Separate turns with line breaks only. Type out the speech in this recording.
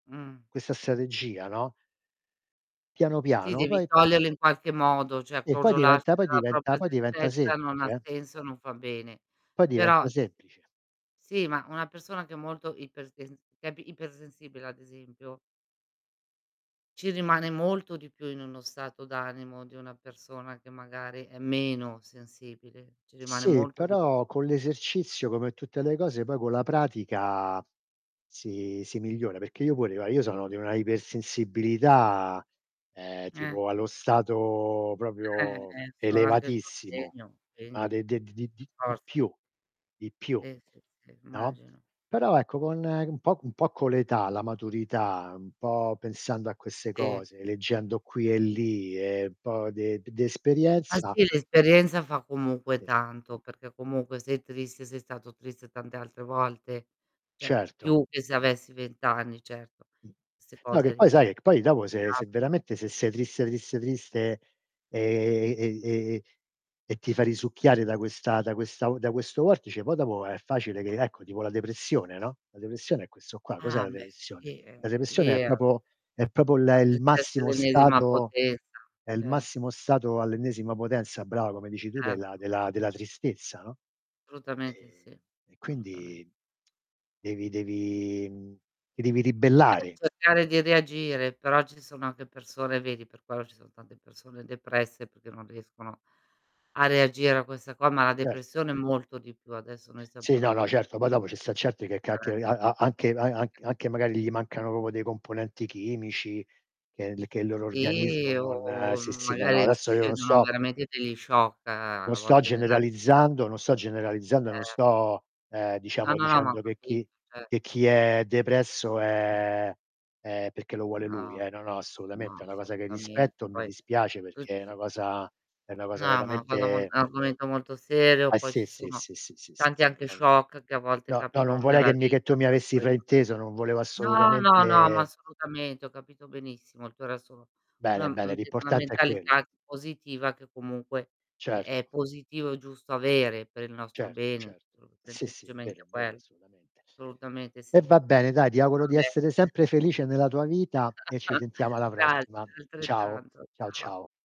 Mh.
Questa strategia, no? Piano
Sì
piano,
devi
poi
toglierlo in qualche modo, cioè
E poi
crogiolarsi
diventa poi
nella
diventa
propria
poi diventa
tristezza non
semplice
ha
eh?
senso, non fa bene.
Poi
Però
diventa semplice.
Sì, ma una persona che è molto ipersen che è ipersensibile ad esempio ci rimane molto di più in uno stato d'animo di una persona che magari è meno sensibile, ci rimane
Sì,
molto di più.
però con l'esercizio come tutte le cose poi con la pratica, si si migliora, perché io pure, no, io sono di una ipersensibilità, ehm,
Eh.
tipo allo stato
Eh,
proprio
e infatti è il
elevatissimo.
[unintelligible]
Ma
quindi
de de di di
per
di di
forza
più di più,
Sì, sì, sì,
no,
immagino.
però ecco con, ehm, un po' un po' con l'età, la maturità, un po' pensando a queste
Sì.
cose, leggendo qui e lì e un po' de d di
Ah,
esperienza
sì l'esperienza fa comunque
Sì.
tanto, perché comunque sei triste, sei stato triste tante altre volte. Cioè
Certo.
più che se avessi 20 anni certo. 'Ste
No che
cose
poi
lì
sai, ehm, che poi dopo se se
[unintelligible]
veramente se sei triste, triste, triste, ehm, e e ehm, e ti fa risucchiare da questa da questa u da questo vortice poi dopo è facile che ecco tipo la depressione, no, la depressione è questo qua. Cos'è
Ah,
la
mhmm, beh
depressione?
sì, ehm,
La depressione è
lì ehm
proprio è proprio il e
Fatto
il
il test
massimo
l'ennesima
stato
potenza.
è il
Certo.
massimo stato all'ennesima potenza brava come dici tu della
Certo.
della della tristezza, no,
Assolutamente sì,
ehm, e
solutamen
quindi devi devi mhmm, ti devi
Eh
ribellare.
cercare di reagire però ci sono anche persone vedi per quello ci sono tante persone depresse perché non riescono a reagire a questa qua, ma la
Certo.
depressione è molto di più adesso noi stiam
Sì, no,
parlando
no,
di
certo, poi dopo ci sta certi che ca che
[unintelligible]
a a anche a anch
[unintelligible]
anche magari gli mancano proprio dei componenti chimici che il che il loro organismo
Sì
non
o,
sì,
m
sì, no, no
magari
adesso io non
succedono
sto
veramente degli shock
non
a
sto
volte nella vita.
generalizzando, non sto generalizzando e non
Ehm
sto, ehm,
No,
diciamo
no, ma ho
dicendo che
capito
chi che
certo.
chi è
Ho
depresso
ca mh.
è è perché lo vuole lui
No,
eh, no, no assolutamente, è
no
una cosa che rispetto
assolutamente
e mi
poi,
dispiace
tu
perché è
c
una cosa è una
No,
cosa
ma una cosa mol un
veramente
argomento molto serio,
Ah
poi
sì,
ci
sì,
sono
sì, sì, sì, sì.
tanti anche
Non
shock che a volte
no, no non
capitano
vorrei
nella
che mi che
vita
tu mi
per
avessi
cui
frainteso, non volevo
no è no, no, no ma
assolutamente
assolutamente ho capito benissimo il tuo resto una
Bene, bene,
mhmm, d una
l'importante è quello.
mentalità positiva che comunque è è
Certo.
positivo e giusto avere per il nostro
Certo,
bene,
certo. Sì,
[unintelligible]
sì è vero, è vero
quello.
assolutamente.
Assolutamente
E
sì.
va bene dai ti
Va
auguro di
bene.
essere sempre felice nella tua vita e ci sentiamo alla
Grazie
prossima. Ciao,
altrettanto.
ciao,
Ciao.
ciao.